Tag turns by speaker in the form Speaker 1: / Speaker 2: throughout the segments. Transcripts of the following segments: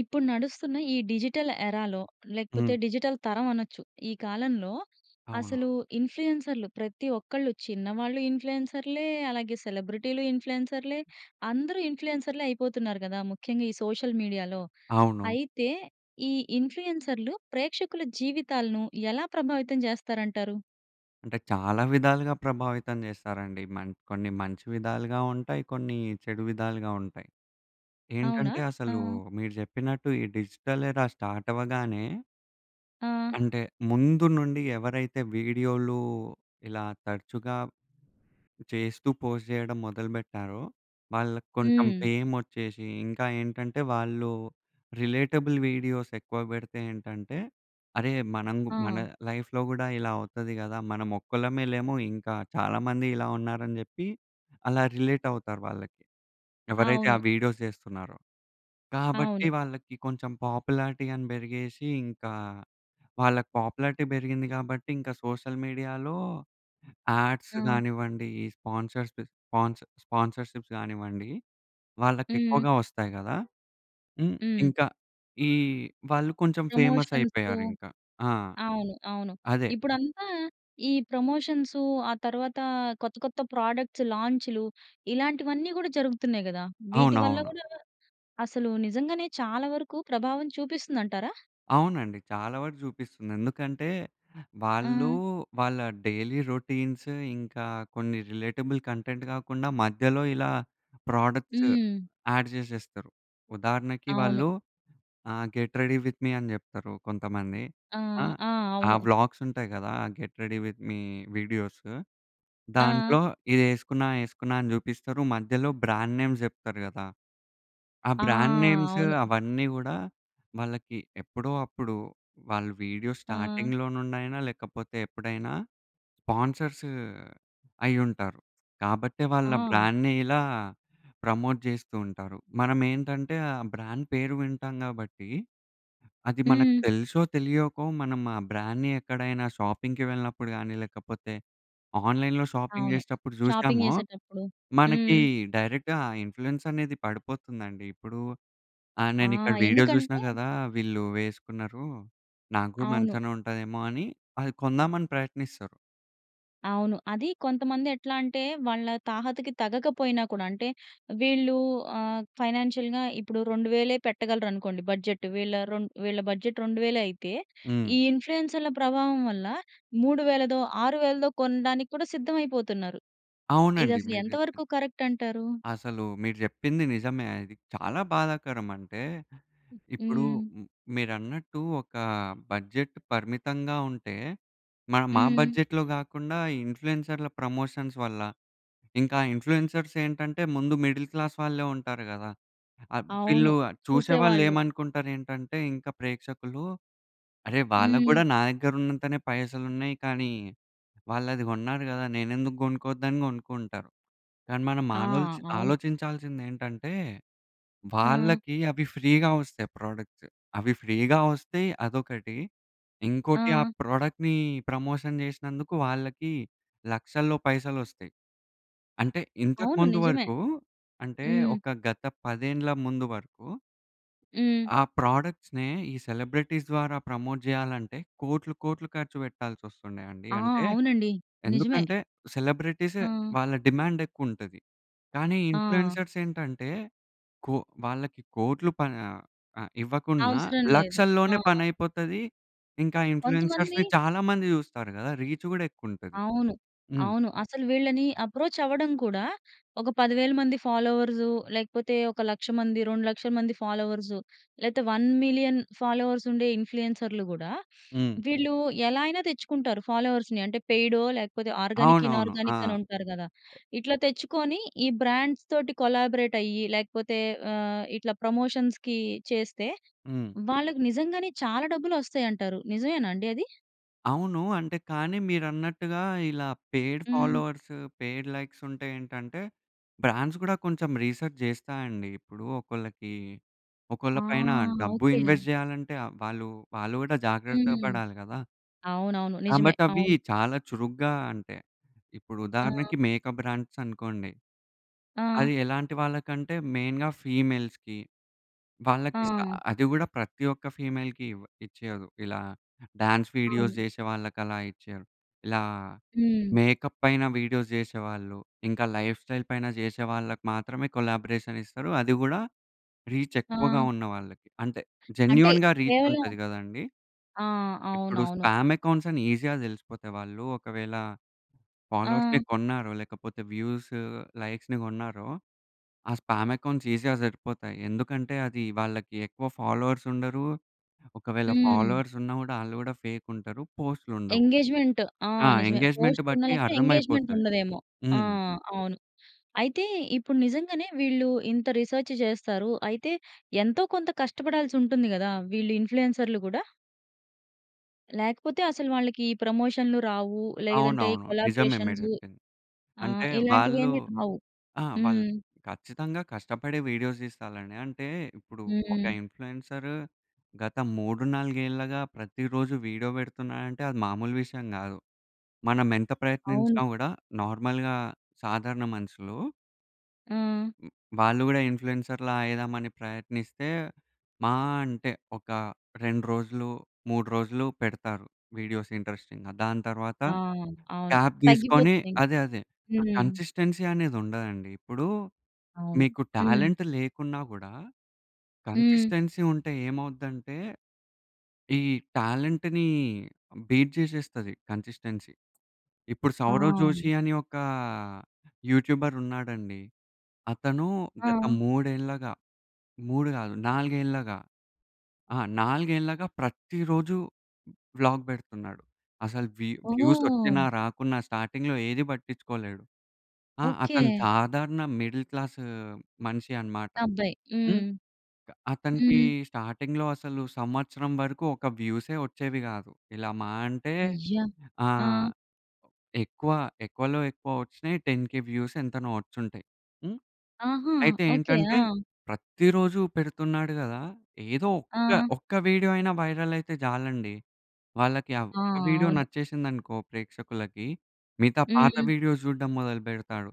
Speaker 1: ఇప్పుడు నడుస్తున్న ఈ డిజిటల్ ఎరాలో
Speaker 2: హ్మ్.
Speaker 1: లేకపోతే, డిజిటల్ తరం అనొచ్చు. ఈ కాలంలో
Speaker 2: అవునా!
Speaker 1: అసలు ఇన్ఫ్లుయెన్సర్‌లు, ప్రతి ఒక్కళ్ళు చిన్నవాళ్ళు ఇన్ఫ్లుయెన్సర్‌లే, అలాగే సెలబ్రిటీలు ఇన్ఫ్లుయెన్సర్‌లే, అందరూ ఇన్ఫ్లుయెన్సర్‌లే, అయిపోతున్నారు కదా! ముఖ్యంగా ఈ సోషల్ మీడియాలో
Speaker 2: అవును.
Speaker 1: అయితే, ఈ ఇన్ఫ్లుయెన్సర్‌లు ప్రేక్షకుల జీవితాలను ఎలా ప్రభావితం చేస్తారంటారు?
Speaker 2: అంటే, చాలా విధాలుగా ప్రభావితం చేస్తారండి. మం కొన్ని మంచి విధాలుగా ఉంటాయి. కొన్ని చెడు విధాలుగా ఉంటాయి.
Speaker 1: అవునా?
Speaker 2: ఏంటంటే, అసలు
Speaker 1: ఆ!
Speaker 2: మీరు చెప్పినట్టు ఈ డిజిటల్ ఎరా స్టార్ట్ అవ్వగానే.
Speaker 1: ఆ!
Speaker 2: అంటే, ముందు నుండి ఎవరైతే వీడియోలు ఇలా తరచుగా చేస్తూ పోస్ట్ చేయడం మొదలు బెట్టారో, వాళ్ళకి కొంచెం
Speaker 1: హ్మ్.
Speaker 2: ఫేమొచ్చేసి, ఇంకా ఏంటంటే, వాళ్ళు రిలేటబుల్ వీడియోస్ ఎక్కువ పెడితే ఏంటంటే, అరె! మనం‌గు మన
Speaker 1: ఆ!
Speaker 2: లైఫ్‌లో కూడా ఇలా అవుతది కదా! మనం ఒక్కళ్ళమే లేము, ఇంకా చాలా మంది ఇలా ఉన్నారని చెప్పి, అలా రిలేట్ అవుతారు వాళ్ళకి. ఎవరైతే ఆ
Speaker 1: అవును.
Speaker 2: వీడియోస్ చేస్తున్నారో. కాబట్టి,
Speaker 1: అవును.
Speaker 2: వాళ్ళకి కొంచెం పాపులారిటీ అని పెరిగేసి, ఇంకా వాళ్ళకి పాపులారిటీ పెరిగింది కాబట్టి, ఇంకా సోషల్ మీడియాలో యాడ్స్
Speaker 1: ఆ!
Speaker 2: గానివ్వండి, ఈ స్పాన్సర్స్‌ప్ స్పాన్ స్పాన్సర్స్‌షిప్స్ గానివ్వండి, వాళ్ళకి
Speaker 1: హ్మ్.
Speaker 2: ఎక్కువగా వస్తాయి గదా! హ్మ్,
Speaker 1: హ్మ్.
Speaker 2: ఇంకా ఈ వాళ్ళు కొంచెం ఫేమస్
Speaker 1: ప్రమోషన్సు,
Speaker 2: అయిపోయారు ఇంకా. ఆ!
Speaker 1: అవును. అవును.
Speaker 2: అదే.
Speaker 1: ఇప్పుడంతా ఈ ప్రమోషన్సు, ఆ తరువాత కొత్త, కొత్త ప్రొడక్ట్‌స్ లాంచ్‌లు ఇలాంటివన్నీ కూడా, జరుగుతున్నాయి కదా! వీటివల్ల
Speaker 2: అవునవును.
Speaker 1: కూడా, అసలు నిజంగానే, చాలా వరకు ప్రభావం చూపిస్తుంది అంటారా?
Speaker 2: అవునండి. చాలా వరకు చూపిస్తుంది. ఎందుకంటే, వాళ్ళు,
Speaker 1: ఆ!
Speaker 2: వాళ్ళ డైలీ రౌటీ‌న్స్ ఇంకా, కొన్ని రిలేటబుల్ కంటెంట్ కాకుండా, మధ్యలో ఇలా ప్రోడక్ట్‌స్
Speaker 1: హ్మ్.
Speaker 2: యాడ్ చేసేస్తారు. ఉదాహరణకి
Speaker 1: అవును.
Speaker 2: వాళ్ళు ఆహ్, "గెట్ రెడీ విత్ మీ" అని చెప్తారు కొంతమంది.
Speaker 1: ఆ!
Speaker 2: ఆ!
Speaker 1: ఆ!
Speaker 2: ఆహ్,
Speaker 1: అవును.
Speaker 2: వ్లాగ్స్ ఉంటాయి కదా! Get ready with me videos!
Speaker 1: ఆ!
Speaker 2: దాంట్లో ఇది ఏసుకున్నా, ఏసుకున్నా అని చూపిస్తారు, మధ్యలో బ్రాండ్ నే‌మ్స్ చెప్తారు గదా! ఆహ్,
Speaker 1: ఆ!
Speaker 2: బ్రాండ్ నే‌మ్స్
Speaker 1: అవును.
Speaker 2: అవన్నీ గూడా, వాళ్ళకి ఎప్పుడో అప్పుడు వాళ్ళు వీడియో
Speaker 1: ఆ!
Speaker 2: స్టార్టింగ్‌లో నుండి అయినా లేకపోతే, ఎప్పుడైనా స్పాన్సర్స్ అయ్యి ఉంటారు. కాబట్టే, వాళ్ళ ఆ
Speaker 1: ఆ!
Speaker 2: బ్రాండ్‌ని ఇలా ప్రమోట్ చేస్తూ ఉంటారు. మనం ఏంటంటే, ఆ బ్రాండ్ పేరు వింటాం గాబట్టి, అది మనకు
Speaker 1: హ్మ్.
Speaker 2: తెలుసో, తెలియకో, మనం ఆ బ్రాండ్‌‌ని ఎక్కడైనా షాపింగ్‌కి వెళ్ళినప్పుడు గానీ, లేకపోతే ఆన్‌లైన్‌లో షాపింగ్
Speaker 1: అవును.
Speaker 2: చేసేటప్పుడు
Speaker 1: షాపింగ్
Speaker 2: చూసామో,
Speaker 1: చేసేటప్పుడు.
Speaker 2: మనకి
Speaker 1: హ్మ్.
Speaker 2: డైరెక్ట్‌గా ఇన్ఫ్లుయెన్స్ అనేది పడిపోతుందండి. ఇప్పుడు ఆహ్,
Speaker 1: ఆ!
Speaker 2: నేను ఇక్కడ వీడియో చూసినా
Speaker 1: ఎందుకంటే
Speaker 2: గదా! వీళ్ళు వేసుకున్నారు. నాక్కూడా
Speaker 1: అవును.
Speaker 2: మంచిగానే ఉంటాదేమో! అని అది కొందామని ప్రయత్నిస్తారు.
Speaker 1: అవును. అదీ కొంతమంది ఎట్లా అంటే, వాళ్ళ తాహతకి తగకపోయినా కూడా అంటే, వీళ్ళూ ఆహ్, ఫైనాన్షియల్‌గా ఇప్పుడు 2,000 పెట్టగలరు అనుకోండి బడ్జెట్. వీళ్ళ రొన్ వీళ్ళ బడ్జెట్ 2,000 అయితే
Speaker 2: హ్మ్.
Speaker 1: ఈ ఇన్‌ఫ్లూయెన్సర్‌ల ప్రభావం వల్ల, 3.000 6,000 కొనడానికి కూడా సిద్ధమైపోతున్నారు. ఇది
Speaker 2: అవునండి
Speaker 1: అసలు
Speaker 2: మీరు
Speaker 1: ఎంత
Speaker 2: చెప్పింది.
Speaker 1: వరకు కరక్ట్ అంటారూ?
Speaker 2: అసలూ మీరు చెప్పింది నిజమే. అది చాలా బాధాకరం. అంటే ఇప్పుడూ
Speaker 1: హ్మ్.
Speaker 2: ఉమ్ మీరన్నట్టు, ఒకా బడ్జెట్ పరిమితంగా ఉంటే, మనం ఆ
Speaker 1: హ్మ్.
Speaker 2: బడ్జెట్‌లో గాకుండా, ఈ ఇన్‌ఫ్లుయెన్సర్‌ల ప్రమోషన్స్ వల్ల, ఇంక ఆ ఇన్‌ఫ్లుయెన్సర్స్ ఏంటంటే, ముందు మిడిల్ క్లాస్ వాళ్ళే ఉంటారు గదా! అబ్
Speaker 1: అవును.
Speaker 2: వీళ్ళూ ఆహ్, చూసేవాళ్ళు
Speaker 1: చూసేవాళ్ళు.
Speaker 2: ఏమనుకుంటారు ఏంటంటే, ఇంకా ప్రేక్షకులూ అరే! వాళ్ళకు
Speaker 1: హ్మ్.
Speaker 2: గూడా నాదగ్గర ఉన్నంతనే పైసలు ఉన్నయి. కానీ, వాళ్ళు అది గొన్నారు గదా! నేనెందుకు గొనుక్కోద్దని గొనుక్కుంటరు. కానీ, మనం
Speaker 1: ఆ!
Speaker 2: మానల్చ్
Speaker 1: అవును.
Speaker 2: ఆలోచించాల్సింది ఏంటంటే,
Speaker 1: ఆ!
Speaker 2: వాళ్ళకి అవి ఫ్రీగా వస్తయి, ప్రొడక్ట్స్. అవి ఫ్రీగా వస్తయి అదొకటీ, ఇంకోటి ఆ
Speaker 1: ఆ!
Speaker 2: ప్రొడక్ట్‌నీ ప్రమోషన్ చేసినందుకు, వాళ్ళకీ లక్షల్లో పైసలొస్తయి. అంటే ఇంతకు
Speaker 1: అవును.
Speaker 2: ముందు
Speaker 1: నిజమే.
Speaker 2: వరకూ అంటే,
Speaker 1: హ్మ్.
Speaker 2: ఒక గత 10 ఏళ్ళు ముందు వరకూ
Speaker 1: హ్మ్.
Speaker 2: ఆ ప్రొడక్ట్స్‌‌నే ఈ సెలబ్రిటీస్ ద్వారా ప్రమోట్ చేయాలంటే కోట్లు కోట్లు ఖర్చు పెట్టాల్సొస్తుండే అండి.
Speaker 1: ఆ!
Speaker 2: అంటే
Speaker 1: అవునండి. నిజమే.
Speaker 2: ఎందుకంటే సెలబ్రిటీస్
Speaker 1: ఆ!
Speaker 2: వాళ్ళ డిమాండ్ ఎక్కువుంటది. కానీ
Speaker 1: ఆ!
Speaker 2: ఇన్‌ఫ్లుయెన్సర్‌లు ఏంటంటే కొ వాళ్ళకి కోట్లు ప ఆహ్, ఆహ్, ఇవ్వకున్నా
Speaker 1: అవసరం లేదు.
Speaker 2: లక్షల్లోనే
Speaker 1: ఆ!
Speaker 2: పనైపోతది. ఇంకా
Speaker 1: కొంతమంది
Speaker 2: ఇన్‌ఫ్లుయెన్సర్‌ని చాలా మంది చూస్తారు గదా! రీచ్ గూడా ఎక్కువుంటది.
Speaker 1: అవును.
Speaker 2: హ్మ్.
Speaker 1: అవును. అసలు వీళ్ళని అప్రోచ్ అవ్వడం కూడా, ఒక 10000 మంది ఫాలోవర్స్ లేకపోతే ఒక 100000 మంది 2 లక్షల మంది ఫాలోవర్స్ లేతే 1,000,000 ఫాలోవర్స్ ఉండే ఇన్‌ఫ్లుయెన్సర్‌లు గూడా
Speaker 2: హ్మ్.
Speaker 1: వీళ్ళు ఎలా అయినా తెచ్చుకుంటారు ఫాలోవర్స్‌ని. అంటే పెయిడొ లేకపోతే ఆర్గానిక్,
Speaker 2: అవునవును. ఆ!
Speaker 1: ఇనార్గానిక్ అని ఉంటారు గదా! ఇట్లా తెచ్చుకొని ఈ బ్రాండ్స్‌తోటి కొలబోరేట్ అయ్యి లేకపోతే ఆహ్, ఇట్లా ప్రమోషన్స్‌కి చేస్తే
Speaker 2: హ్మ్.
Speaker 1: వాళ్ళకి నిజంగానే చాలా డబ్బులు ఒస్తాయి అంటారు. నిజమేనా అండి అది?
Speaker 2: అవును. అంటే కానీ మీరన్నట్టుగా ఇలా పెయిడ్
Speaker 1: హ్మ్.
Speaker 2: ఫాలోవర్స్, పెయిడ్ లైక్స్ ఉంటే ఏంటంటే బ్రాండ్స్ గూడా కొంచెం రిసర్చ్ చేస్తాయండి. ఇప్పుడు ఒకళ్ళకి
Speaker 1: ఆ!
Speaker 2: ఒకళ్ళ పైన డబ్బు
Speaker 1: ఓకే.
Speaker 2: ఇన్వెస్ట్ చేయాలంటే వాళ్ళు వాళ్ళు కూడా జాగ్రత్తగా
Speaker 1: హ్మ్.
Speaker 2: పడాలి గదా!
Speaker 1: అవునవును. నిజమే.
Speaker 2: కాబట్టి అవి
Speaker 1: అవును.
Speaker 2: చాలా చురుగ్గా అంటే, ఇప్పుడు
Speaker 1: ఆ!
Speaker 2: ఉదాహరణకి మేకప్ బ్రాండ్స్ అనుకోండి.
Speaker 1: ఆ!
Speaker 2: అది ఎలాంటి వాళ్ళకంటే మెయిన్‌గా ఫీమేల్స్‌కీ. వాళ్ళకిస్తారు.
Speaker 1: ఆ!
Speaker 2: అది గూడా ప్రతి ఒక్క ఫీమేల్‌కీ ఇవ ఇచ్చేయదు. ఇలా డాన్స్ వీడియోస్
Speaker 1: అవును.
Speaker 2: చేసే వాళ్ళకి అలా ఇచ్చేయ్యరు. ఇలా
Speaker 1: హ్మ్.
Speaker 2: మేకప్ పైన వీడియోస్ చేసేవాళ్ళు. ఇంకా లైఫ్‌స్టైల్ పైన చేసే వాళ్ళకి మాత్రమే కొలాబరేషన్ ఇస్తారు. అది గూడా రీచ్ ఎక్కువగా
Speaker 1: ఆ!
Speaker 2: ఉన్న వాళ్ళకి. అంటే
Speaker 1: అంటే
Speaker 2: జెన్యూన్‌గా రీచ్
Speaker 1: కేవలం
Speaker 2: ఉంటది కదండీ.
Speaker 1: ఆ!
Speaker 2: ఇప్పుడు
Speaker 1: అవునవును.
Speaker 2: స్పామ్ అకౌంట్స్ అని ఈజీగా తెలిసిపోతాయి. వాళ్ళు ఒకవేళ ఫాలోవర్స్‌ని
Speaker 1: ఆ!
Speaker 2: కొన్నారో, లేకపోతే వ్యూస్ లైక్స్‌ని కొన్నారో ఆ స్పామ్ అకౌంట్స్ ఈజీగా దొరికిపోతాయి. ఎందుకంటే అది వాళ్ళకి ఎక్కువ ఫాలోవర్స్ ఉండరు. ఒకవేళ
Speaker 1: హ్మ్.
Speaker 2: ఫాలోవర్స్ ఉన్నా గూడా ఆళ్ళు గూడా ఫేక్ ఉంటారు. పోస్ట్‌లుండవు.
Speaker 1: ఎంగేజ్‌మెంట్. ఆ!
Speaker 2: ఆ!
Speaker 1: నిజమే.
Speaker 2: ఎంగేజ్మెంట్
Speaker 1: పోస్ట్ ఉన్నా
Speaker 2: బట్టి
Speaker 1: లేకపోయిన
Speaker 2: అర్థం
Speaker 1: ఎంగేజ్‌మెంట్
Speaker 2: అయిపోతది.
Speaker 1: ఉండదేమో! ఆ!
Speaker 2: హ్మ్.
Speaker 1: అవును. అయితే ఇప్పుడు నిజంగానే వీళ్ళు ఇంత రిసర్చ్ చేస్తారు. అయితే ఎంతో కొంత కష్టపడాల్సి ఉంటుంది గదా! వీళ్ళు ఇన్‌ఫ్లుయెన్సర్‌లు గూడ. లేకపోతే అసలు వాళ్ళకి ఈ ప్రమోషన్‌లు రావు. లేదంటే ఈ
Speaker 2: అవునవును. నిజమే మీరు
Speaker 1: కొలాబరేషన్స్
Speaker 2: చెప్పింది.
Speaker 1: ఆహ్,
Speaker 2: అంటే
Speaker 1: ఇలాంటివి
Speaker 2: వాళ్ళు
Speaker 1: ఏమి రావు.
Speaker 2: ఆ! వాళ్ళు
Speaker 1: హ్మ్.
Speaker 2: ఖచ్చితంగా కష్టపడి వీడియోస్ తీసుకోవాలండి. అంటే ఇప్పుడు ఒక
Speaker 1: హ్మ్.
Speaker 2: ఇన్‌ఫ్లుయెన్సర్ గత 3, 4 ఏళ్ళుగా ప్రతిరోజు వీడియో పెడుతున్నాడంటే అది మామూలు విషయం కాదు. మనం ఎంత
Speaker 1: అవును.
Speaker 2: ప్రయత్నించినా కూడా నార్మల్‌గా సాధారణ మనుషులు
Speaker 1: ఆ!
Speaker 2: వాళ్ళు కూడా ఇన్‌ఫ్లుయెన్సర్‌లా అయిదాం అని ప్రయత్నిస్తే మా అంటే ఒక 2 రోజులు, 3 రోజులు పెడతారు. వీడియోస్ ఇంట్రెస్టింగ్‌గా. దాని తరువాత
Speaker 1: ఆ! అవును.
Speaker 2: గ్యాప్ తీసుకొని
Speaker 1: తగ్గిపోతుంది ఇక.
Speaker 2: అదే అదే ఆ
Speaker 1: హ్మ్.
Speaker 2: కన్‌సిస్టెన్సీ అనేది ఉండదండి. ఇప్పుడు
Speaker 1: అవును.
Speaker 2: మీకు
Speaker 1: హ్మ్.
Speaker 2: టాలెంట్ లేకున్నా కూడా
Speaker 1: హ్మ్.
Speaker 2: కన్‌సిస్టెన్సీ ఉంటే ఏమవుద్దంటే ఈ టాలెంట్‌ని బీట్ జేసేస్తది కన్‌సిస్టెన్సీ. ఇప్పుడు 'సౌరవ్
Speaker 1: ఆ!
Speaker 2: జోషి' అని ఒక యూట్యూబర్ ఉన్నాడండి. అతను గత
Speaker 1: ఆ!
Speaker 2: మూడేళ్లగా, 3 కాదు, నాలుగేళ్ళగా ఆహ్, నాలుగేళ్లగా ప్రతిరోజూ వ్లాగ్ పెడుతున్నాడు. అసలు వ్యూ వ్యూస్ వచ్చినా
Speaker 1: ఓహ్!
Speaker 2: రాకున్నా స్టార్టింగ్‌లో ఏది పట్టించుకోలేడు. ఆహ్,
Speaker 1: ఓకె.
Speaker 2: అతను సాధారణ మిడిల్ క్లాస్ మనిషి అన్నమాట.
Speaker 1: అబ్బాయి.
Speaker 2: హ్మ్.
Speaker 1: హ్మ్.
Speaker 2: అతనికి
Speaker 1: హ్మ్.
Speaker 2: స్టార్టింగ్‌లో అసలు సంవత్సరం వరకు ఒక వ్యూసే వచ్చేవి కాదు. ఇలా మాహా అంటే
Speaker 1: అయ్యా!
Speaker 2: ఆహ్,
Speaker 1: ఆ!
Speaker 2: ఎక్కువ ఎక్కువలో ఎక్కువ వచ్చినాయి 10000 వ్యూస్ ఎంతనో వచ్చి ఉంటాయి. హ్మ్.
Speaker 1: ఆహా!
Speaker 2: అయితే
Speaker 1: ఓకె.
Speaker 2: ఏంటంటే
Speaker 1: ఆ!
Speaker 2: ప్రతిరోజూ పెడుతున్నాడు కదా! ఏదో ఒక్క
Speaker 1: ఆ!
Speaker 2: ఒక్క వీడియో అయినా వైరల్ అయితే చాలండి వాళ్ళకి
Speaker 1: ఆ!
Speaker 2: ఒక వీడియో
Speaker 1: అవును.
Speaker 2: నచ్చేసిందనుకో ప్రేక్షకులకి మిగతా పాత
Speaker 1: హ్మ్.
Speaker 2: వీడియోస్ చూడడం మొదలుపెడతాడు.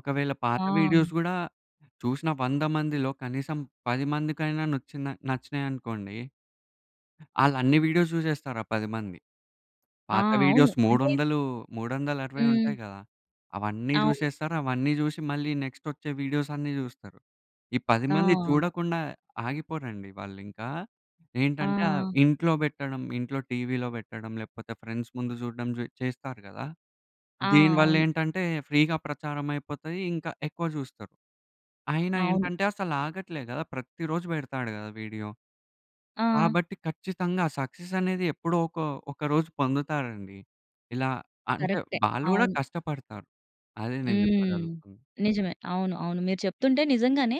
Speaker 2: ఒకవేళ పాత
Speaker 1: ఆ!
Speaker 2: వీడియోస్ కూడా చూసిన 100 మందిలో కనీసం 10 మందికైనా నచ్చిన నచ్చినాయి అనుకోండి... ఆళ్ళన్ని వీడియోస్ చూసేస్తారు ఆ 10 మంది.
Speaker 1: ఆ!
Speaker 2: పాత
Speaker 1: అవును.
Speaker 2: వీడియోస్ మూడు
Speaker 1: అంటే
Speaker 2: వందలు, మూడు వందల అరవై
Speaker 1: హ్మ్.
Speaker 2: ఉంటాయి కదా! అవన్నీ
Speaker 1: అవును.
Speaker 2: చూసేస్తారు. అవన్నీ చూసి మళ్ళీ నెక్స్ట్ వచ్చే వీడియోస్ అన్నీ చూస్తరు. ఈ 10 మంది
Speaker 1: ఆ!
Speaker 2: చూడకుండా ఆగిపోరండి వాళ్ళు ఇంకా ఏంటంటే
Speaker 1: ఆ!
Speaker 2: ఇంట్లో పెట్టడం, ఇంట్లో టీవీలో పెట్టడం లేకపోతే ఫ్రెండ్స్ ముందు చూడడం చేస్తారు కదా!
Speaker 1: ఆ!
Speaker 2: దీని వల్ల
Speaker 1: అవును.
Speaker 2: ఏంటంటే ఫ్రీగా ప్రచారం అయిపోతాది ఇంకా ఎక్కువ చూస్తరు. అయినా
Speaker 1: అవును.
Speaker 2: ఏంటంటే అసలు ఆగట్లేదు కదా! ప్రతి రోజు పెడతాడు కదా వీడియో.
Speaker 1: ఆ!
Speaker 2: కాబట్టి ఖచ్చితంగా సక్సెస్ అనేది ఎప్పుడో ఒక ఒక రోజు పొందుతారండి. ఇలా అంటే
Speaker 1: కరెక్టే.
Speaker 2: వాళ్ళు కూడా
Speaker 1: అవును.
Speaker 2: కష్టపడతారు. అదే నేను
Speaker 1: హ్మ్.
Speaker 2: చెప్పగలుగుతున్నా.
Speaker 1: నిజమే. అవును, అవును. మీరు చెప్తుంటే నిజంగానే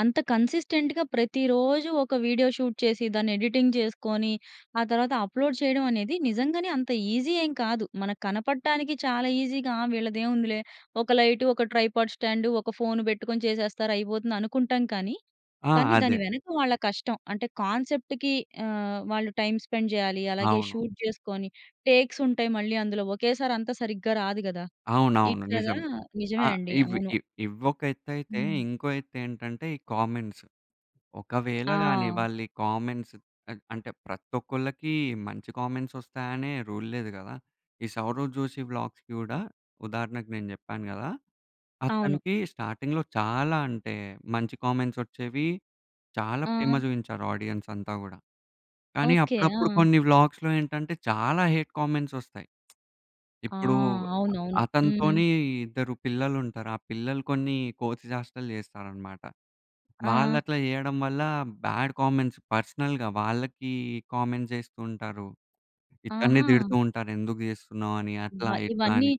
Speaker 1: అంత కన్సిస్టెంట్‌గా ప్రతిరోజు ఒక వీడియో షూట్ చేసి దాన్ని ఎడిటింగ్ చేసుకొని ఆ తరువాత అప్‌లోడ్ చేయడం అనేది నిజంగానే అంత ఈజీ ఏం కాదు. మనకు కనపడటానికి చాలా ఈజీగా వీళ్ళది ఏముందిలే ఒక లైట్, ఒక ట్రైపాడ్ స్టాండ్, ఒక ఫోన్ పెట్టుకొని చేసేస్తారు అయిపోతుంది అనుకుంటాం కానీ.
Speaker 2: ఆ!
Speaker 1: కానీ దాని
Speaker 2: అదే.
Speaker 1: వెనక వాళ్ళ కష్టం అంటే కాన్సెప్ట్‌కి ఆహ్, వాళ్ళు టైమ్ స్పెండ్ చేయాలి. అలాగే
Speaker 2: అవును.
Speaker 1: షూట్ చేసుకొని టేక్స్ ఉంటాయి మళ్ళీ అందులో. ఒకేసారి అంత సరిగ్గా రాదు కదా!
Speaker 2: అవునవును
Speaker 1: ఇట్లాగా
Speaker 2: నిజమే.
Speaker 1: నిజమే
Speaker 2: ఆహ్,
Speaker 1: అండి.
Speaker 2: ఇవి
Speaker 1: అవును.
Speaker 2: ఇవ్వొక ఎత్తైతే
Speaker 1: హ్మ్.
Speaker 2: ఇంకో ఎత్తు ఏంటంటే, ఈ కామెంట్స్. ఒకవేళ గాని
Speaker 1: ఆ!
Speaker 2: వాళ్లి కామెంట్స్ అంటే ప్రతి ఒక్కళ్ళకి మంచి కామెంట్స్ వస్తాయనే రూల్ లేదు కదా! ఈ సౌరవ్ జోషి వ్లాగ్స్‌కి కూడా ఉదాహరణకు నేను చెప్పాను కదా!
Speaker 1: అవును.
Speaker 2: అతనికి స్టార్టింగ్‌లో చాలా అంటే మంచి కామెంట్స్ వచ్చేవి చాలా ప్రేమ
Speaker 1: ఆ!
Speaker 2: చూపించారు ఆడియన్స్ అంతా కూడా. కానీ
Speaker 1: ఓకె.
Speaker 2: అప్పుడప్పుడు
Speaker 1: ఆ!
Speaker 2: కొన్ని వ్లాగ్స్ ఏంటంటే చాలా హేట్ కామెంట్స్ వస్తాయి.
Speaker 1: ఆ!
Speaker 2: ఇప్పుడు
Speaker 1: అవునవును. హ్మ్.
Speaker 2: అతనితోని ఇద్దరు పిల్లలు ఉంటారు. ఆ పిల్లలు కొన్ని కోతి చేస్టలు చేస్తారన్నమాట. వాళ్ళు
Speaker 1: ఆ!
Speaker 2: అట్లా చేయడం వల్ల బాడ్ కామెంట్స్ పర్సనల్‌గా వాళ్ళకి కామెంట్స్ చేస్తూ ఉంటారు. ఇతని
Speaker 1: ఆహా!
Speaker 2: తిడుతూ ఉంటారు ఎందుకు చేస్తున్నావు అని అట్లా,
Speaker 1: అబ్బా!
Speaker 2: ఇట్లా
Speaker 1: ఇవన్నీ
Speaker 2: అని.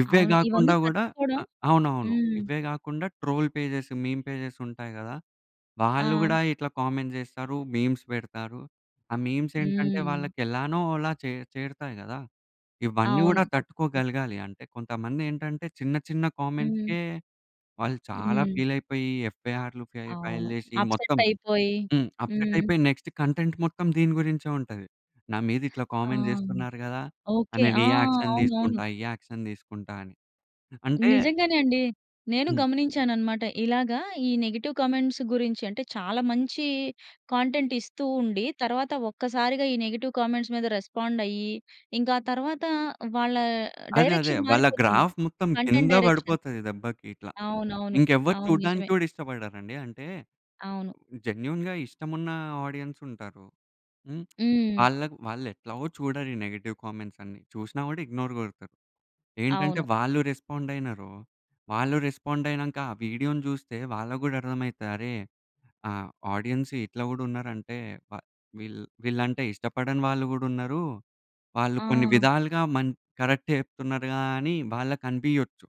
Speaker 2: ఇవే
Speaker 1: అవును. ఇవన్నీ
Speaker 2: కాకుండా కూడా
Speaker 1: తట్టుకోవడం.
Speaker 2: అవునవును
Speaker 1: హ్మ్.
Speaker 2: ఇవే కాకుండా ట్రోల్ పేజెస్, మీమ్ పేజెస్ ఉంటాయి కదా! వాళ్ళు
Speaker 1: ఆ!
Speaker 2: కూడా ఇట్లా కామెంట్స్ చేస్తారు మీమ్స్ పెడతారు. ఆ మీమ్స్ ఏంటంటే
Speaker 1: హ్మ్.
Speaker 2: వాళ్ళకి ఎలానో అలా చే చేరుతాయి కదా! ఇవన్నీ
Speaker 1: అవును.
Speaker 2: కూడా తట్టుకోగలగాలి అంటే కొంతమంది ఏంటంటే చిన్న, చిన్న
Speaker 1: హ్మ్.
Speaker 2: కామెంట్స్‌కే వాళ్ళు చాలా
Speaker 1: హ్మ్.
Speaker 2: ఫీల్ అయిపోయి ఎఫ్‌ఐఆర్ ఫైల్
Speaker 1: అవును
Speaker 2: చేసి
Speaker 1: అప్‌సెట్
Speaker 2: మొత్తం
Speaker 1: అయిపోయి.
Speaker 2: హ్మ్. అప్‌సెట్
Speaker 1: హ్మ్.
Speaker 2: అయిపోయి నెక్స్ట్ కంటెంట్ మొత్తం దీని గురించే ఉంటది. నా మీద ఇట్లా
Speaker 1: ఆ!
Speaker 2: కామెంట్ చేస్తున్నారు కదా!
Speaker 1: ఓకె.
Speaker 2: నేను
Speaker 1: ఆ!
Speaker 2: ఈ యాక్షన్
Speaker 1: అవునవును.
Speaker 2: తీసుకుంటా ఈ యాక్షన్ తీసుకుంటా అని. అంటే
Speaker 1: నిజంగానే అండి. నేను
Speaker 2: హ్మ్.
Speaker 1: గమనించాను అన్నమాట. ఇలాగ ఈ నెగెటివ్ కామెంట్స్ గురించి అంటే చాలా మంచి కంటెంట్ ఇస్తూ ఉండి తర్వాత ఒక్కసారిగా ఈ నెగెటివ్ కామెంట్స్ మీద రెస్పాండ్ అయ్యి, ఇంకా ఆ తరువాత వాళ్ళ
Speaker 2: అదే అదే.
Speaker 1: డైరెక్షన్
Speaker 2: వాళ్ళ
Speaker 1: మారిపోతుంది.
Speaker 2: గ్రాఫ్ మొత్తం
Speaker 1: కంటెంట్
Speaker 2: కింద
Speaker 1: డైరెక్షన్.
Speaker 2: పడిపోతది దెబ్బకి ఇట్లా.
Speaker 1: అవునవును.
Speaker 2: ఇంకెవరు
Speaker 1: అవును,
Speaker 2: చూడడానికి
Speaker 1: నిజమే.
Speaker 2: కూడా ఇష్టపడరండి. అంటే
Speaker 1: అవును.
Speaker 2: జెన్యూన్‌గా ఇష్టమున్న ఆడియన్స్ ఉంటారు. హ్మ్
Speaker 1: హ్మ్.
Speaker 2: వాళ్ళకి వాళ్ళు ఎట్లాగో చూడరు ఈ నెగెటివ్ కామెంట్స్ అన్నీ చూసినా కూడా ఇగ్నోర్ కొడతారు. ఏంటంటే
Speaker 1: అవును.
Speaker 2: వాళ్ళు రెస్పాండ్ అయినారు వాళ్ళు రెస్పాండ్ అయినాక ఆ వీడియోని చూస్తే వాళ్ళకి కూడా అర్థమైతది అరే ఆహ్, ఆడియన్స్ ఇట్లా కూడా ఉన్నారు అంటే వీళ్ళంటే ఇష్టపడని వాళ్ళు కూడా ఉన్నారు. వాళ్ళు కొన్ని
Speaker 1: ఆ!
Speaker 2: విధాలుగా మన్ కరెక్టే చెప్తున్నారు గాని వాళ్ళకి కనిపియొచ్చు.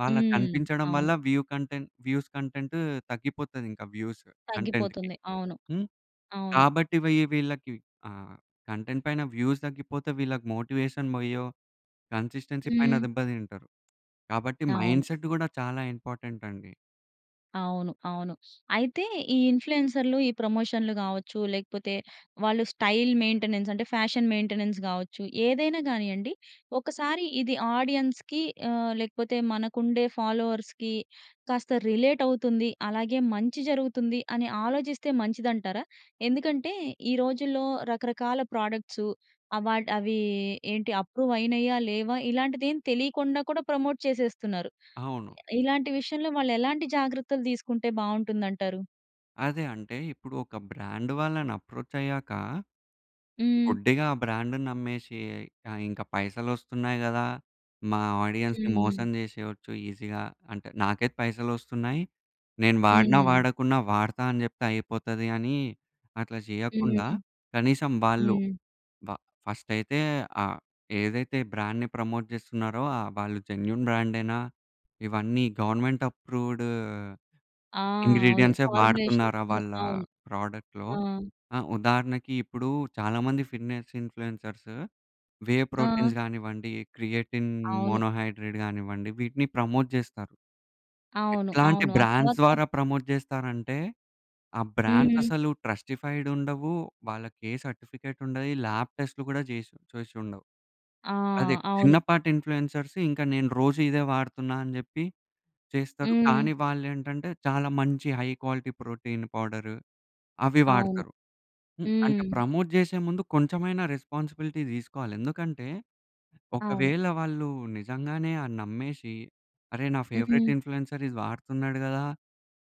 Speaker 2: వాళ్ళకి
Speaker 1: హ్మ్.
Speaker 2: కనిపించడం వల్ల
Speaker 1: అవును.
Speaker 2: వ్యూ కంటెంట్ వ్యూస్ కంటెంట్ తగ్గిపోతాది ఇంకా వ్యూస్ కంటెంట్‌కి.
Speaker 1: తగ్గిపోతుంది. అవును.
Speaker 2: హ్మ్,
Speaker 1: అవును.
Speaker 2: కాబట్టి వీళ్ళకి ఆహ్, కంటెంట్ పైన వ్యూస్ తగ్గిపోతే వీళ్ళకి మోటివేషన్ పొయ్యో, కన్‌సిస్టెన్సీ పైన
Speaker 1: హ్మ్.
Speaker 2: దెబ్బ తింటారు. కాబట్టి
Speaker 1: అవును.
Speaker 2: మైండ్‌సెట్ కూడా చాలా ఇంపార్టెంట్ అండి.
Speaker 1: అవును, అవును. అయితే ఈ ఇన్‌ఫ్లుయెన్సర్‌లు, ఈ ప్రమోషన్‌లు కావచ్చు లేకపోతే, వాళ్ళు స్టైల్ మెయింటెనెన్స్, అంటే ఫ్యాషన్ మెయింటెనెన్స్ కావచ్చు, ఏదైనా గానియండి ఒకసారి ఇది ఆడియన్స్‌కి ఆహ్, లేకపోతే మనకుండే ఫాలోవర్స్‌కి కాస్త రిలేట్ అవుతుంది. అలాగే మంచి జరుగుతుంది అని ఆలోచిస్తే మంచిదంటారా? ఎందుకంటే ఈ రోజుల్లో రకరకాల ప్రొడక్ట్స్ అవార్డ్ అవి ఏంటి అప్రూవ్ అయినాయా లేవా? ఇలాంటిది ఏమి తెలియకుండా కూడా ప్రమోట్ చేసేస్తున్నారు.
Speaker 2: అవును.
Speaker 1: ఇలాంటి విషయంలో వాళ్ళు ఎలాంటి జాగ్రత్తలు తీసుకుంటే బావుంటుంది అంటారు?
Speaker 2: అదే. అంటే ఇప్పుడు ఒక బ్రాండ్ వాళ్ళని అప్రోచ్ అయ్యాక,
Speaker 1: హ్మ్.
Speaker 2: గుడ్డిగా ఆ బ్రాండ్‌ని నమ్మేసి, ఇంకా పైసలు వస్తున్నాయి కదా! మా ఆడియన్స్‌ని
Speaker 1: హ్మ్.
Speaker 2: మోసం చేసేయోచ్చు ఈజీగా, అంటే నాకైతే పైసలు వస్తున్నాయి. నేను వాడినా
Speaker 1: హ్మ్.
Speaker 2: వాడకున్నా వాడతా అని చెప్తే అయిపోతది అని అట్లా చేయకుండా,
Speaker 1: హ్మ్.
Speaker 2: కనీసం వాళ్ళు
Speaker 1: హ్మ్.
Speaker 2: వ ఫస్ట్ అయితే, ఆ! ఏదైతే బ్రాండ్‌ని ప్రమోట్ చేస్తున్నారో ఆ వాళ్ళు జెన్యూన్ బ్రాండేనా? ఇవన్నీ గవర్నమెంట్ అప్రూవ్‌డ్
Speaker 1: ఆ! అవును.
Speaker 2: ఇంగ్రీడియెంట్స్
Speaker 1: ఫార్ములేషన్స్
Speaker 2: వాడుతున్నారా వాళ్ళ
Speaker 1: అవును.
Speaker 2: ప్రోడక్ట్‌లో.
Speaker 1: ఆ!
Speaker 2: ఆ ఉదాహరణకి ఇప్పుడు చాలా మంది ఫిట్నెస్ ఇన్‌ఫ్లుయెన్సర్స్ వే ప్రోటీన్స్
Speaker 1: ఆ!
Speaker 2: కానివ్వండి, క్రియేటిన్
Speaker 1: అవును.
Speaker 2: మోనో హైడ్రేట్ గానివ్వండి వీటిని ప్రమోట్ చేస్తారు.
Speaker 1: అవును
Speaker 2: ఎట్లాంటి
Speaker 1: అవును. ఆ
Speaker 2: బ్రాండ్స్
Speaker 1: తరువాత
Speaker 2: ద్వారా ప్రమోట్ చేస్తారంటే. ఆ బ్రాండ్స్
Speaker 1: హ్మ్.
Speaker 2: అసలు ట్రస్టిఫైడ్ ఉండవు. వాళ్ళకి ఏ సర్టిఫికేట్ ఉండయి. లాబ్ టెస్ట్‌లు కూడా చేసి చేసి ఉండవు.
Speaker 1: ఆ!
Speaker 2: అదే
Speaker 1: అవును.
Speaker 2: చిన్నపాటి ఇన్‌ఫ్లుయెన్సర్స్ ఇంకా నేను రోజు ఇదే వాడుతున్నా అని చెప్పి చేస్తారు.
Speaker 1: హ్మ్.
Speaker 2: కానీ వాళ్ళు ఏంటంటే చాలా మంచి హై క్వాలిటీ ప్రోటీన్ పౌడర్ అవి
Speaker 1: అవును
Speaker 2: వాడతారు. హ్మ్, అంటే
Speaker 1: హ్మ్.
Speaker 2: ప్రమోట్ చేసే ముందు కొంచెమైనా రెస్పాన్సిబిలిటీ తీసుకోవాలి. ఎందుకంటే
Speaker 1: అవును.
Speaker 2: ఒకవేళ వాళ్ళు నిజంగానే ఆ నమ్మేసి అరేయ్! నా ఫేవరెట్
Speaker 1: హ్మ్.
Speaker 2: ఇన్‌ఫ్లుయెన్సర్‌ ఇది వాడుతున్నాడు కదా!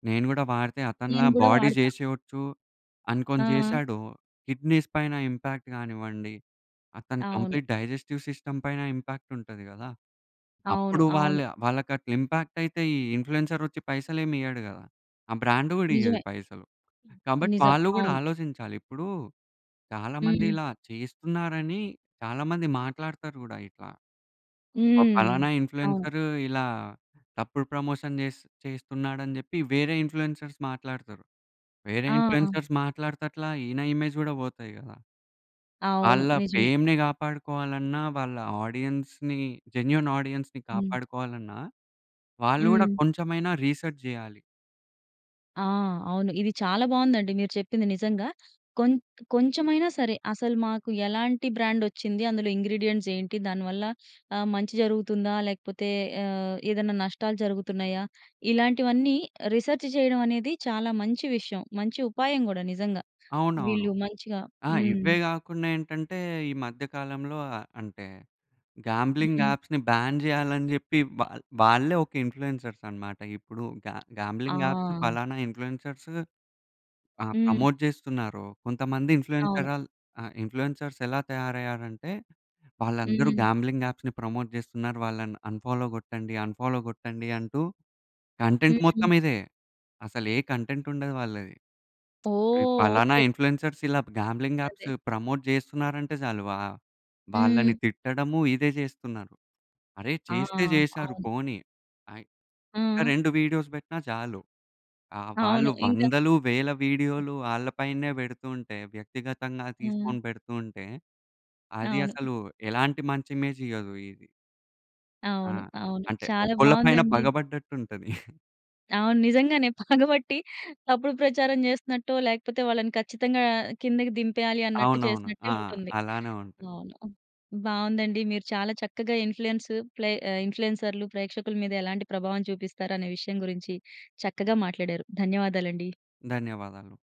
Speaker 2: నేను కూడా వాడితే అతనిలా
Speaker 1: నేను కూడా
Speaker 2: బాడీ
Speaker 1: వాడతా.
Speaker 2: చేసేయచ్చు అనుకోని
Speaker 1: ఆ!
Speaker 2: చేశాడొ. కిడ్నీస్ పైన ఇంపాక్ట్ కానివ్వండి, అతను
Speaker 1: అవును.
Speaker 2: కంప్లీట్ డైజెస్టివ్ సిస్టమ్ పైన ఇంపాక్ట్ ఉంటది కదా!
Speaker 1: అవును,
Speaker 2: అప్పుడు వాళ్ళ
Speaker 1: అవును.
Speaker 2: వాళ్ళకి అట్లా ఇంపాక్ట్ అయితే ఈ ఇన్‌ఫ్లుయెన్సర్ వచ్చి పైసలు ఏమి ఇయ్యడు కదా. ఆ బ్రాండ్ కూడా
Speaker 1: నిజమే.
Speaker 2: ఇయ్యదు పైసలు. కాబట్టి
Speaker 1: నిజం.
Speaker 2: వాళ్ళు కూడా
Speaker 1: అవును.
Speaker 2: ఆలోచించాలి. ఇప్పుడు చాలా మంది
Speaker 1: హ్మ్.
Speaker 2: ఇలా చేస్తున్నారని చాలా మంది మాట్లాడుతారు కూడా ఇట్లా ఓ
Speaker 1: హ్మ్.
Speaker 2: పలానా
Speaker 1: అవును.
Speaker 2: ఇన్‌ఫ్లుయెన్సర్ ఇలా తప్పుడు ప్రమోషన్ చేస్ చేస్తున్నాడు అని చెప్పి వేరే ఇన్‌ఫ్లుయెన్సర్స్ మాట్లాడుతారు. వేరే
Speaker 1: ఆ!
Speaker 2: ఇన్‌ఫ్లుయెన్సర్స్ మాట్లాడుతట్ల ఈయన ఇమేజ్ కూడా పోతాయి కదా!
Speaker 1: అవును
Speaker 2: వాళ్ళ
Speaker 1: నిజమే.
Speaker 2: ఫేమ్‌ని కాపాడుకోవాలన్నా, వాళ్ళ ఆడియన్స్‌ని జెన్యూన్ ఆడియన్స్‌ని
Speaker 1: హ్మ్.
Speaker 2: కాపాడుకోవాలన్నా వాళ్ళు కూడా
Speaker 1: హ్మ్.
Speaker 2: కొంచెమైనా రిసర్చ్ చేయాలి.
Speaker 1: ఆ! అవును. ఇది చాలా బావుందండి మీరు చెప్పింది. నిజంగా, కొంత్ కొంచెమైనా సరే, అసలు మాకు ఎలాంటి బ్రాండొచ్చింది, అందులో ఇంగ్రీడియెంట్స్ ఏంటి? దాని వల్ల ఆహ్, మంచి జరుగుతుందా, లేకపోతే ఆహ్, ఏదన్నా నష్టాలు జరుగుతున్నయ్యా? ఇలాంటివన్నీ రిసర్చ్ చెయ్యడం అనేది, చాలా మంచి విషయం. మంచి ఉపాయం గూడా నిజంగా.
Speaker 2: అవునవును.
Speaker 1: వీళ్ళు మంచిగా,
Speaker 2: ఆ!
Speaker 1: హ్మ్.
Speaker 2: ఇవ్వే గాకుండా ఏంటంటే, ఈ మధ్య కాలంలో ఆహ్, అంటే గాంబ్లింగ్
Speaker 1: హుహు.
Speaker 2: యాప్స్‌ని బ్యాన్ జెయ్యాలని జెప్పి వాల్ వాళ్ళే ఒక ఇన్‌ఫ్లుయెన్సర్స్ అనమాట. ఇప్పుడు గా గాంబ్లింగ్ యాప్స్
Speaker 1: ఆ!
Speaker 2: పలానా ఇన్‌ఫ్లుయెన్సర్స్ ఆ!
Speaker 1: హ్మ్.
Speaker 2: ప్రమోట్ చేస్తున్నారో, కొంతమంది
Speaker 1: అవును.
Speaker 2: ఇన్‌ఫ్లుయెన్సరాల్ ఆహ్, ఇన్‌ఫ్లూయెన్సర్స్ ఎలా తయారయ్యారంటే, వాళ్ళందరూ
Speaker 1: హ్మ్.
Speaker 2: గాంబ్లింగ్ యాప్స్‌ని ప్రమోట్ చేస్తున్నారు. వాళ్ళని అన్‌ఫాలో గొట్టండి, అన్‌ఫాలో గొట్టండి అంటూ, కంటెంట్
Speaker 1: హ్మ్.
Speaker 2: మొత్తం ఇదే. అసలు ఏ కంటెంట్ ఉండదు వాళ్ళది. ఈ
Speaker 1: ఓహ్!
Speaker 2: పలానా
Speaker 1: ఓకే.
Speaker 2: ఇన్‌ఫ్లుయెన్సర్స్ ఇలాప్ గాంబ్లింగ్
Speaker 1: అదే.
Speaker 2: యాప్స్ ప్రమోట్ జేస్తున్నారంటే జాలు, వా వాళ్ళని
Speaker 1: హ్మ్.
Speaker 2: తిట్టడము ఇదే జేస్తున్నారు. అరే
Speaker 1: ఆ!
Speaker 2: చేస్తే జేశారు
Speaker 1: అవును.
Speaker 2: పోనీ. అయ్ ఒక,
Speaker 1: ఆ!
Speaker 2: 2 వీడియోస్ బెట్టినా జాలు. ఆ
Speaker 1: అవును.
Speaker 2: వాళ్ళు
Speaker 1: ఇంక
Speaker 2: వందలు, వేల
Speaker 1: అది
Speaker 2: వీడియోలు వాళ్ళ పైనే పెడుతుంటే, వ్యక్తిగతంగా
Speaker 1: హ్మ్.
Speaker 2: తీసుకొని పెడుతూ ఉంటే, అది
Speaker 1: అవును.
Speaker 2: అసలు ఎలాంటి మంచి ఇమేజ్ ఇయ్యదు ఇది. ఆ!
Speaker 1: అవును. అవును.
Speaker 2: అంటే,
Speaker 1: చాలా
Speaker 2: ఒకళ్ళ పైన
Speaker 1: బావుందండి.
Speaker 2: పగబడ్డట్టు ఉంటది.
Speaker 1: అవును. నిజంగానే పగబట్టి తప్పుడు ప్రచారం చేస్తున్నట్టో, లేకపోతే వాళ్ళను ఖచ్చితంగా ఆహ్, కిందకి దింపెయ్యాలి, అన్నట్టు
Speaker 2: అవునవును.
Speaker 1: చేసినట్టే
Speaker 2: ఆ!
Speaker 1: ఉంటుంది.
Speaker 2: అలానే ఉంటది.
Speaker 1: అవును. బావుందండి. మీరు చాలా చక్కగా ఇన్‌ఫ్లుయెన్స్ ప్లే ఆహ్, ఇన్‌ఫ్లుయెన్సర్‌లు ప్రేక్షకుల మీద ఎలాంటి ప్రభావం చూపిస్తారు అనే విషయం గురించి, చక్కగా మాట్లాడారు. ధన్యవాదాలండి.
Speaker 2: ధన్యవాదాలు.